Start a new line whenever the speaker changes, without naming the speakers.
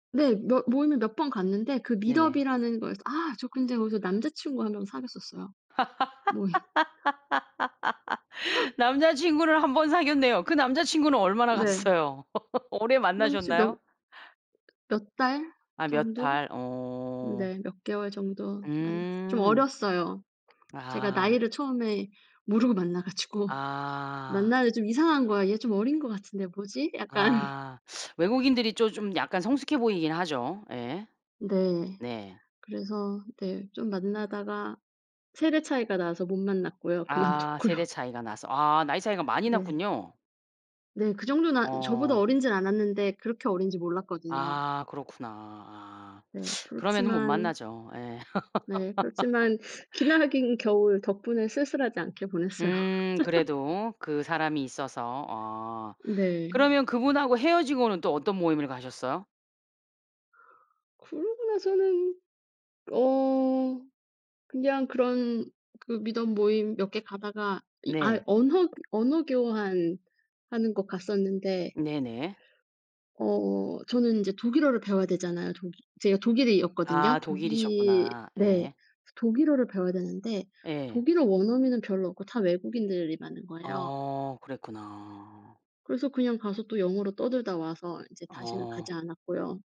네. 몇 모임을 몇 번 갔는데, 그
네네.
Meetup이라는 거에서 아 저 근데 거기서 남자 친구 1 명 사귀었었어요. 모임
남자친구를 1 번 사귀었네요. 그 남자 친구는 얼마나
네.
갔어요? 오래
남자 친 명
만나셨나요?
몇 달
아 몇
정도?
달? 어.
네. 몇 개월 정도 만났어 좀
음.
어렸어요. 제가
아.
나이를 처음에 모르고 만나 가지고
아.
만나는데 좀 이상한 거야. '얘 좀 어린 것 같은데 뭐지?' 약간
아. 외국인들이 조 좀 약간 성숙해 보이긴 하죠. 예.
네.
네.
그래서 네, 좀 만나다가 세대 차이가 나서 못 만났고요.
아 세대
그만뒀고요.
차이가 나서. 아 나이 차이가 많이
네.
났군요.
네. 그 정도는 안 저보다
어.
어리진 않았는데 그렇게 어린지 몰랐거든요.
아 그렇구나. 아.
네.
그러면은 못
그렇지만
만나죠. 예.
네, 그렇지만 기나긴 겨울 덕분에 쓸쓸하지 않게 보냈어요.
음 그래도 그 사람이 있어서. 어,
네.
그러면 그분하고 헤어지고는 또 어떤 모임을 가셨어요?
그러고 나서는 어 그냥 그런 그 Meetup 모임 몇 개 가다가 이 아
네.
언허 언어 교환하는 곳 갔었는데
네네.
어 저는 인제 독일어를 배워야 되잖아요. 독일 제가 독일이었거든요.
아
독일
독일이셨구나.
네.
예.
그래서 독일어를 배워야 되는데
예.
독일어 원어민은 별로 없고 다 외국인들이 많은 거예요.
어. 그랬구나.
그래서 그냥 가서 또 영어로 떠들다 와서 이제 다시는
어.
가지 않았고요.